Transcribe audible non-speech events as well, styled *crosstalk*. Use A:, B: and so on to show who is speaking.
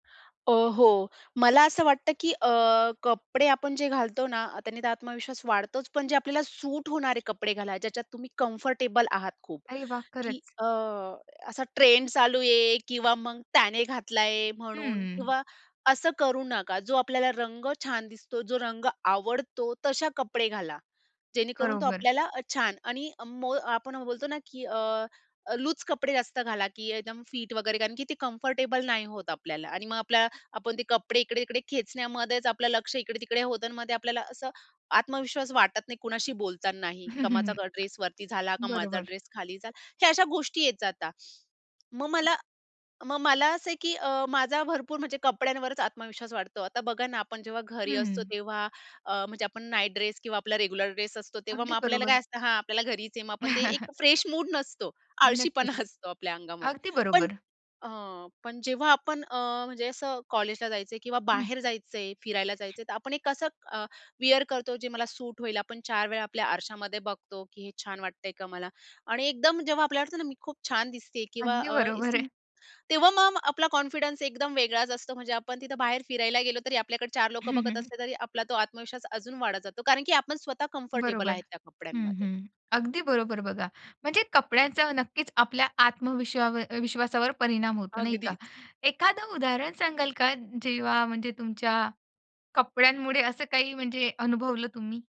A: अ, हो, मला असं वाटतं की अ, कपडे आपण जे घालतो ना, त्याने तर आत्मविश्वास वाढतोच, पण जे आपल्याला सूट होणारे कपडे घाला ज्याच्यात तुम्ही कम्फर्टेबल आहात खूप
B: अरे वाह!
A: की
B: खरंच.
A: अ, असा ट्रेंड चालू आहे किंवा मग त्याने घातला आहे म्हणून
B: हम्म.
A: किंवा असं करू नका, जो आपल्याला रंग छान दिसतो, जो रंग आवडतो तशा कपडे घाला. जेणेकरून तो
B: बरोबर.
A: आपल्याला अ, छान आणि अ, आपण बोलतो ना की अ, लूज कपडे जास्त घाला की एकदम फिट वगैरे कारण की ते कम्फर्टेबल नाही होत आपल्याला आणि मग आपल्या आपण ते कपडे इकडे-तिकडे खेचण्यामध्येच आपलं लक्ष इकडे-तिकडे होतं आणि मग आपल्याला असं आत्मविश्वास वाटत नाही, कुणाशी बोलतानाही
B: हं,
A: का
B: हं,
A: माझा ड्रेसवरती झाला का
B: हं.
A: माझा
B: बरोबर.
A: ड्रेस खाली झाला, हे अशा गोष्टी येत जाता. मग मला मग मला असं आहे की अ, माझा भरपूर म्हणजे कपड्यांवरच आत्मविश्वास वाटतो. आता बघा ना आपण जेव्हा घरी असतो
B: हम्म.
A: तेव्हा अ, म्हणजे आपण नाईट ड्रेस किंवा आपला रेग्युलर ड्रेस असतो तेव्हा मग
B: अगदी
A: आपल्याला काय
B: बरोबर.
A: असतं हां, आपल्याला घरीच आहे. मग आपण ते
B: *chuckles*
A: एक फ्रेश मूड नसतो.
B: नक्कीच.
A: आळशीपणा असतो आपल्या अंगामध्ये
B: अगदी
A: पण
B: बरोबर.
A: हं. पण जेव्हा आपण अ, म्हणजे असं कॉलेजला जायचंय किंवा
B: हं.
A: बाहेर जायचंय, फिरायला जायचंय, तर आपण एक कसं अ, वेअर करतो जे मला सूट होईल, आपण 4 वेळा आपल्या आरशामध्ये बघतो की हे छान वाटतंय का मला? आणि एकदम जेव्हा आपल्याला वाटतं ना, मी खूप छान दिसतेय किंवा
B: अगदी
A: अ,
B: बरोबर आहे.
A: तेव्हा मग आपला कॉन्फिडन्स एकदम वेगळाच असतो, म्हणजे आपण तिथं बाहेर फिरायला गेलो तरी आपल्याकडे 4
B: हं,
A: लोकं बघत
B: हं, हं.
A: असले तरी आपला तो आत्मविश्वास अजून वाढत जातो. कारण की आपण स्वतः कम्फर्टेबल
B: बरोबर
A: आहेत त्या
B: हं,
A: कपड्यांमध्ये.
B: हं. अगदी बरोबर बघा म्हणजे कपड्यांचा नक्कीच आपल्या आत्मविश्वावर विश्वासावर परिणाम होतो, नाही का?
A: अगदीच.
B: एखादं उदाहरण सांगाल का जेव्हा म्हणजे तुमच्या, कपड्यांमुळे असं काही म्हणजे अनुभवलं तुम्ही?